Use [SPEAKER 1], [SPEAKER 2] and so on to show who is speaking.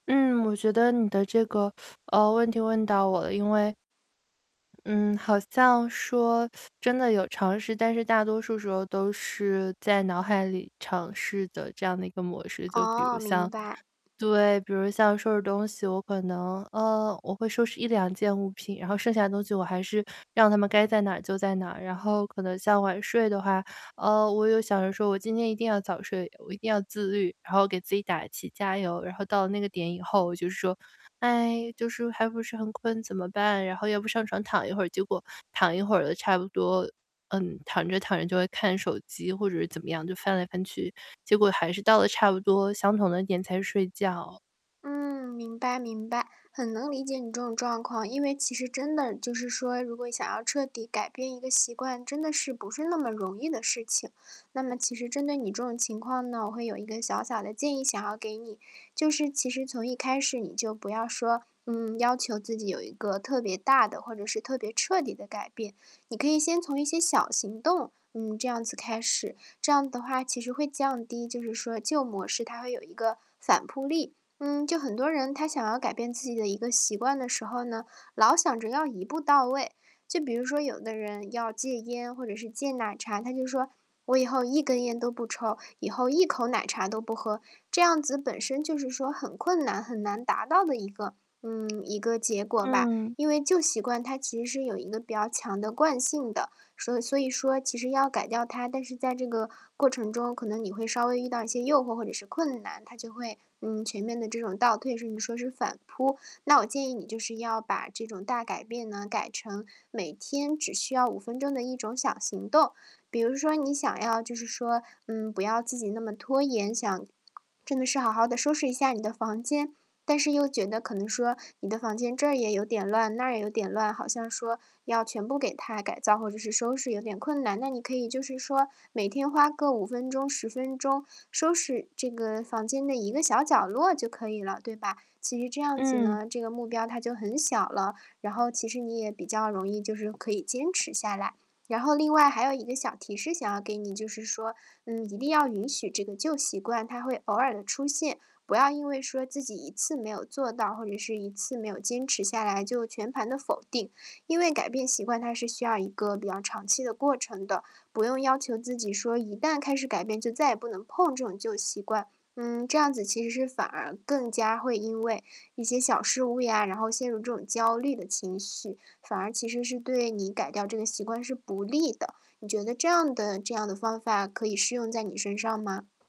[SPEAKER 1] 嗯，我觉得你的这个，呃，问题问到我了，因为嗯，好像说 真的有尝试。但是大多数时候都是在脑海里尝试的这样的一个模式，就比
[SPEAKER 2] 哦，
[SPEAKER 1] 如像
[SPEAKER 2] 明白。
[SPEAKER 1] 对，比如像收拾东西，我可能，呃，我会收拾1-2件物品，然后剩下的东西我还是让它们该在哪就在哪。然后可能像晚睡的话，呃，我又想说我今天一定要早睡，我一定要自律，然后给自己打气加油。然后到那个点以后就是说，哎，就是还不是很困怎么办？然后要不上床躺一会儿，结果躺一会儿了差不多，嗯，躺着躺着就会看手机或者是怎么样就翻来翻去，结果还是到了差不多相同的点才睡觉。
[SPEAKER 2] 嗯，明白明白，很能理解你这种状况。因为其实真的就是说，如果想要彻底改变一个习惯，真的是不是那么容易的事情。那么其实针对你这种情况呢，我会有一个小小的建议想要给你，就是其实从一开始你就不要说，嗯，要求自己有一个特别大的，或者是特别彻底的改变。你可以先从一些小行动，嗯，这样子开始，这样的话其实会降低就是说旧模式它会有一个反扑力。嗯，就很多人他想要改变自己的一个习惯的时候呢，老想着要一步到位。就比如说有的人要戒烟或者是戒奶茶，他就说："我以后1根烟都不抽，以后一口奶茶都不喝。“这样子本身就是说很困难，很难达到的一个嗯，一个结果吧。
[SPEAKER 1] 嗯。
[SPEAKER 2] 因为旧习惯它其实有一个比较强的惯性的，说所以所以说其实要改掉它，但是在这个过程中，可能你会稍微遇到一些诱惑或者是困难，它就会，嗯，全面的这种倒退，甚至说是反扑。那我建议你就是要把这种大改变呢，改成每天只需要5分钟的一种小行动。比如说你想要就是说，嗯，不要自己那么拖延，想真的是好好地收拾一下你的房间。但是又觉得可能说你的房间这也有点乱，那也有点乱，好像说要全部给它改造或者是收拾有点困难。那你可以就是说每天花个5分钟、10分钟收拾这个房间的一个小角落就可以了，对吧？其实这样子
[SPEAKER 1] 嗯。
[SPEAKER 2] 呢，这个目标它就很小了，然后其实你也比较容易就是可以坚持下来。然后另外还有一个小提示想要给你，就是说，嗯，一定要允许这个旧习惯，它会偶尔地出现，不要因为说自己，一次没有做到，或者是一次没有坚持下来就全盘的否定。因为改变习惯，它是需要一个比较长期的过程的，不用要求自己说一旦开始改变就再也不能碰这种旧习惯。嗯，这样子其实是反而更加会因为一些小失误呀，然后陷入这种焦虑的情绪，反而其实是对你改掉这个习惯是不利的。你觉得这样的这样的方法可以适用在你身上吗？